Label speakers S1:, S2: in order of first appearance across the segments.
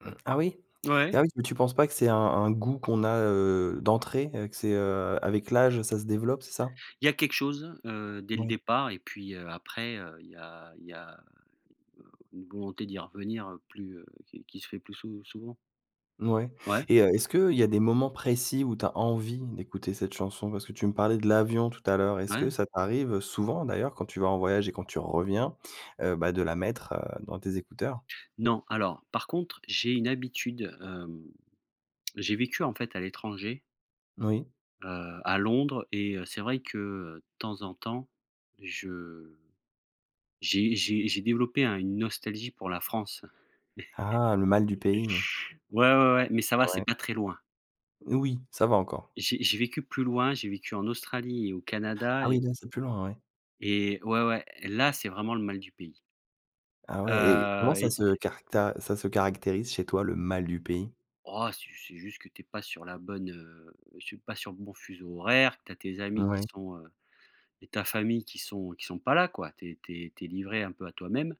S1: ah oui?
S2: Ouais.
S1: Ah oui, mais tu penses pas que c'est un un goût qu'on a, heu, d'entrée, heu, que c'est, heu, avec l'âge, ça se développe, c'est ça?
S2: Il y a quelque chose, heu, dès le
S1: Moui.
S2: départ et puis, heu, après, heu, il y a il y a une volonté d'y revenir, heu, plus, heu, qui qui se fait plus sou souvent.
S1: Mouais,
S2: Ouais.
S1: et heu, est-ce qu'il y a des moments précis où tu as envie d'écouter cette chanson, parce que tu me parlais de l'avion tout à l'heure, est-ce
S2: Ouais.
S1: que ça t'arrive, heu, souvent d'ailleurs, quand tu vas en voyage et quand tu reviens, heu, bah, de la mettre, heu, dans tes écouteurs?
S2: Non. Alors, par contre, j'ai une habitude, hem, j'ai vécu, en fait, à l'étranger
S1: Oui.
S2: heu, à Londres et heu, c'est vrai que de temps en temps, je j'ai j'ai j'ai développé un une nostalgie pour la France.
S1: Ah, le mal du pays.
S2: Ouais, ouais, ouais, mais ça va, c'est
S1: Ouais.
S2: pas très loin.
S1: N oui, ça va encore.
S2: J'ai j'ai vécu plus loin, j'ai vécu en Australie et au Canada
S1: Ah
S2: et
S1: oui, là, c'est plus loin, ouais.
S2: et ouais, ouais, là, c'est vraiment le mal du pays.
S1: Ah ouais! Et comment
S2: Heu
S1: ça
S2: et
S1: se caracta ça se caractérise chez toi, le mal du pays?
S2: Oh, c'est ju c'est juste que tu es pas sur la bonne, heu, suis pas sur le bon fuseau horaire, tu as tes amis qui
S1: Ouais.
S2: sont, heu, et ta famille qui sont qui sont pas là, quoi, tu es tu es tu es livré un peu à toi-même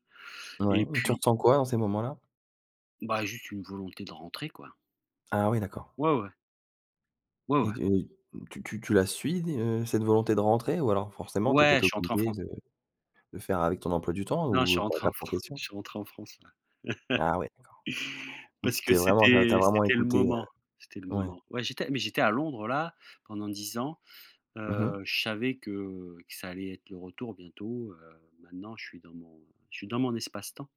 S1: Ouais,
S2: et
S1: et tu
S2: puis
S1: ressens quoi, dans ces moments-là?
S2: Bah, juste une volonté de rentrer, quoi.
S1: Ah oui, d'accord.
S2: Ouais, ouais. Ouais,
S1: Et
S2: ouais.
S1: de tu tu tu la suis d heu, cette volonté de rentrer ou alors forcément, tu es
S2: Ouais,
S1: peut-être
S2: je suis rentré en
S1: obligé
S2: France.
S1: de de faire avec ton emploi du temps
S2: Non, je suis
S1: ou tu
S2: rentré en
S1: adaptes en
S2: Fran
S1: question?
S2: je suis rentré en France, là.
S1: Ah ouais, d'accord. Donc
S2: Parce
S1: tu
S2: que
S1: t'es vraiment enfin, tu as
S2: c'était
S1: vraiment
S2: c'était le
S1: écouté, heu
S2: moment, c'était le
S1: ouais.
S2: moment. Ouais j'étais mais j'étais à Londres là, pendant 10 ans,
S1: Mmh mh.
S2: heu, je savais que que ça allait être le retour bientôt, heu, maintenant je suis dans mon je suis dans mon espace-temps.